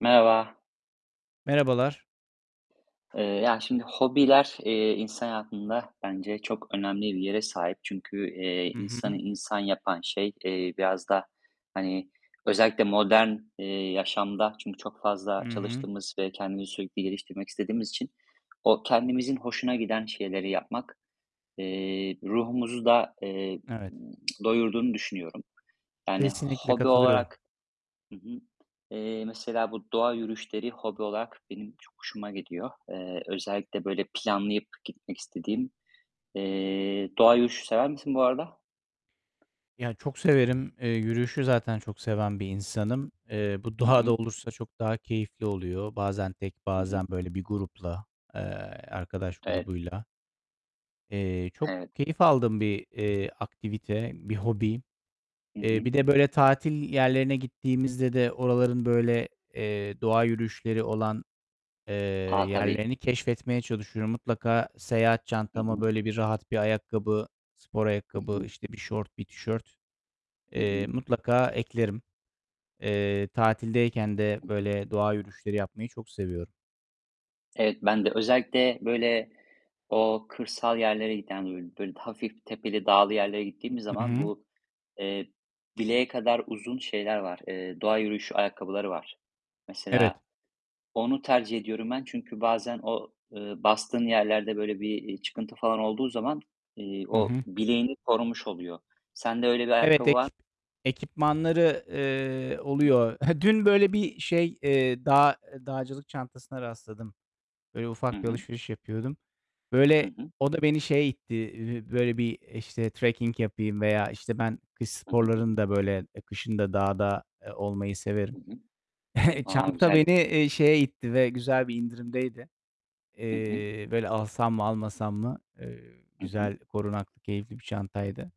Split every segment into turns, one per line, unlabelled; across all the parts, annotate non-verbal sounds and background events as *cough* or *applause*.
Merhaba.
Merhabalar.
Eee, ya şimdi hobiler, eee, insan hayatında bence çok önemli bir yere sahip. Çünkü, eee,
Hı
insanı
hı.
insan yapan şey, eee, biraz da, hani, özellikle modern, eee, yaşamda çünkü çok
Hı
fazla
hı.
çalıştığımız ve kendimizi sürekli geliştirmek istediğimiz için o kendimizin hoşuna giden şeyleri yapmak, eee, ruhumuzu da eee,
Evet.
doyurduğunu düşünüyorum. Yani
Kesinlikle
hobi
katılıyorum.
olarak Hı hı. Eee, mesela bu doğa yürüyüşleri hobi olarak benim çok hoşuma gidiyor. Eee, özellikle, böyle, planlayıp gitmek istediğim. Eee, doğa yürüyüşü sever misin bu arada?
Ya, çok severim. Eee, yürüyüşü zaten çok seven bir insanım. Eee, bu
Hı
doğada
hı.
olursa çok daha keyifli oluyor. Bazen tek,
Hı hı.
bazen böyle bir grupla, eee, arkadaş
Evet.
grubuyla. Eee, çok
Evet.
keyif aldığım bir, eee, aktivite, bir hobi.
Hı
Eee,
hı.
bir de böyle tatil yerlerine gittiğimizde de oraların böyle, eee, doğa yürüyüşleri olan, eee,
A, tabii!
yerlerini keşfetmeye çalışıyorum. Mutlaka seyahat
Hı
çantama
hı.
böyle bir rahat bir ayakkabı, spor
Hı
ayakkabı,
hı.
işte, bir şort, bir tişört,
Hı
eee,
hı.
mutlaka eklerim. Eee, tatildeyken de
Hı hı.
böyle doğa yürüyüşleri yapmayı çok seviyorum.
Evet, ben de özellikle, böyle, o kırsal yerlere giden, bö böyle, daha hafif tepeli dağlı yerlere gittiğim
Hı
zaman
hı.
bu, eee, bileğe kadar uzun şeyler var, eee, doğa yürüyüşü ayakkabıları var.
Evet.
Mesela onu tercih ediyorum ben. Çünkü bazen o, ııı, bastığın yerlerde böyle bir, iii, çıkıntı falan olduğu zaman, iii,
Hı
o
hı.
bileğini korumuş oluyor. Sende öyle bir
Evet,
ayakkabı var
ekip ekipmanları, eee,
Hı hı.
oluyor. *chuckles* Dün böyle bir şey, eee, dağ eee, dağcılık çantasına rastladım. Böyle,
Hı
ufak bir
hı.
alışveriş yapıyordum.
Hı
Böyle,
hı.
o da beni şeye itti, eee, böyle bir, işte, trekking yapayım veya, işte, ben kış
Hı hı.
sporlarını da böyle, eee, kışın da dağda, eee, olmayı severim.
Hı hı.
*chuckles*
A,
Çanta beni,
güzel!
eee, şeye itti ve güzel bir indirimdeydi.
Hı hı.
Eee, böyle, alsam mı, almasam mı? Eee,
Hı hı.
güzel, korunaklı, keyifli bir çantaydı.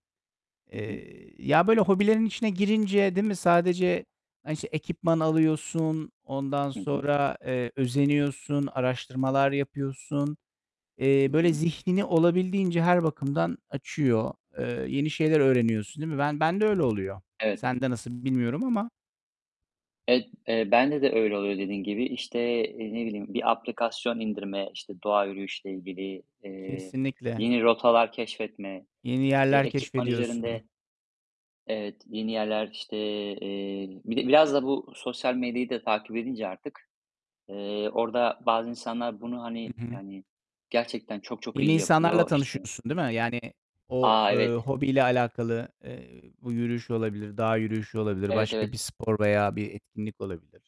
Hı hı.
Eee, ya böyle hobilerin içine girince değil mi, sadece, hani, işte, ekipman alıyorsun, ondan
Hı hı.
sonra, eee, özeniyorsun, araştırmalar yapıyorsun. Eee,
Hı
böyle,
hı.
zihnini olabildiğince her bakımdan açıyor. Eee, yeni şeyler öğreniyorsun, değil mi? Ben bende öyle oluyor.
Evet.
Sende nasıl bilmiyorum ama.
Evet, eee, bende de öyle oluyor dediğin gibi. İşte, eee, ne bileyim, bir aplikasyon indirme, işte, doğa yürüyüşüyle ilgili, eee,
Kesinlikle.
yine rotalar keşfetme,
Yeni
eee,
yerler
ekipman
keşfediyorsun.
üzerinde Evet, yeni yerler, işte, eee bir de biraz da bu sosyal medyayı da takip edince artık, eee, orada bazı insanlar bunu,
Hı
hani,
hı.
yani, gerçekten çok çok
Yeni
iyi
insanlarla
yapıyor, işte
tanışıyorsun, değil mi? Yani o,
A,
eee,
evet!
hobiyle alakalı, eee, bu yürüyüş olabilir, dağ yürüyüşü olabilir,
Evet,
başka
evet.
bir spor veya bir etkinlik olabilir.